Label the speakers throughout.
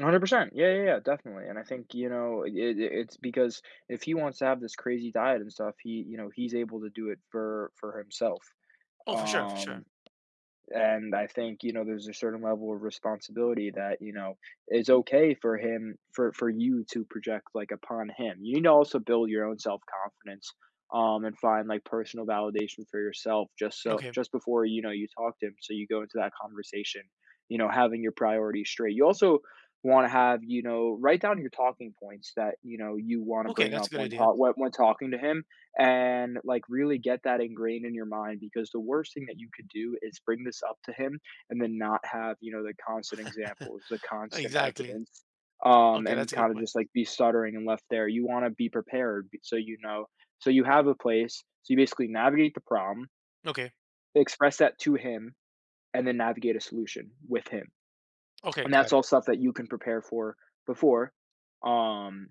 Speaker 1: 100%, yeah, yeah, yeah, definitely, and I think, you know, it it it's because if he wants to have this crazy diet and stuff, he you know, he's able to do it for for himself,
Speaker 2: Oh, for sure, for
Speaker 1: um,
Speaker 2: sure.
Speaker 1: and I think, you know, there's a certain level of responsibility that, you know, is okay for him for for you to project, like, upon him. You need to also build your own self confidence, um, and find, like, personal validation for yourself just so
Speaker 2: Okay.
Speaker 1: just before, you know, you talk to him, so you go into that conversation, you know, having your priorities straight. You also wanna have you know, write down your talking points that, you know, you wanna
Speaker 2: Okay,
Speaker 1: bring
Speaker 2: that's
Speaker 1: up
Speaker 2: a good
Speaker 1: when
Speaker 2: idea.
Speaker 1: tal when when talking to him and, like, really get that ingrained in your mind because the worst thing that you could do is bring this up to him and then not have, you know, the constant examples, the constant
Speaker 2: Exactly.
Speaker 1: evidence, um,
Speaker 2: Okay, that's
Speaker 1: and
Speaker 2: a good
Speaker 1: kinda
Speaker 2: point.
Speaker 1: just, like, be stuttering and left there, you wanna be prepared be so, you know so you have a place, so you basically navigate the problem
Speaker 2: Okay.
Speaker 1: express that to him, and then navigate a solution with him,
Speaker 2: Okay,
Speaker 1: and that's
Speaker 2: got it.
Speaker 1: all stuff that you can prepare for before, um,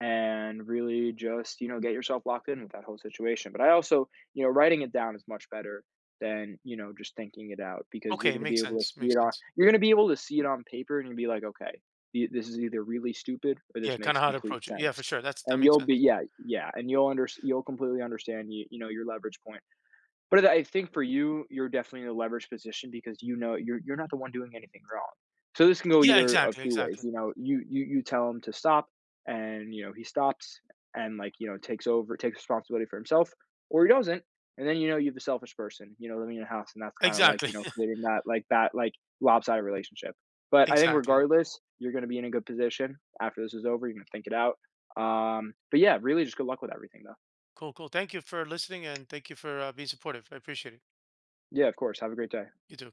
Speaker 1: and really just, you know, get yourself locked in with that whole situation. But I also, you know, writing it down is much better than, you know, just thinking it out because you're
Speaker 2: Okay,
Speaker 1: gonna be
Speaker 2: makes
Speaker 1: able to
Speaker 2: sense,
Speaker 1: see
Speaker 2: makes
Speaker 1: it on
Speaker 2: sense.
Speaker 1: you're gonna be able to see it on paper and you're gonna be like, "Okay. Th this is either really stupid or
Speaker 2: Yeah,
Speaker 1: this makes
Speaker 2: kinda how to
Speaker 1: complete
Speaker 2: approach it. Yeah,
Speaker 1: sense."
Speaker 2: for sure, that's that
Speaker 1: And
Speaker 2: makes
Speaker 1: you'll be
Speaker 2: sense.
Speaker 1: yeah, yeah, and you'll unders you'll completely understand, you you know, your leverage point. But I I think for you, you're definitely in a leverage position because, you know, you're you're not the one doing anything wrong. So this can go
Speaker 2: Yeah,
Speaker 1: either of
Speaker 2: exactly,
Speaker 1: two ways,
Speaker 2: exactly.
Speaker 1: you know? You you you tell him to stop and, you know, he stops and, like, you know, takes over takes responsibility for himself or he doesn't, and then, you know, you have the selfish person, you know, living in your house, and that's kinda, like,
Speaker 2: Exactly.
Speaker 1: you know, creating that like that, like, lopsided relationship. But I think
Speaker 2: Exactly.
Speaker 1: regardless, you're gonna be in a good position. After this is over, you're gonna think it out, um, but, yeah, really, just good luck with everything, though.
Speaker 2: Cool, cool, thank you for listening, and thank you for, uh, being supportive, I appreciate it.
Speaker 1: Yeah, of course, have a great day.
Speaker 2: You too.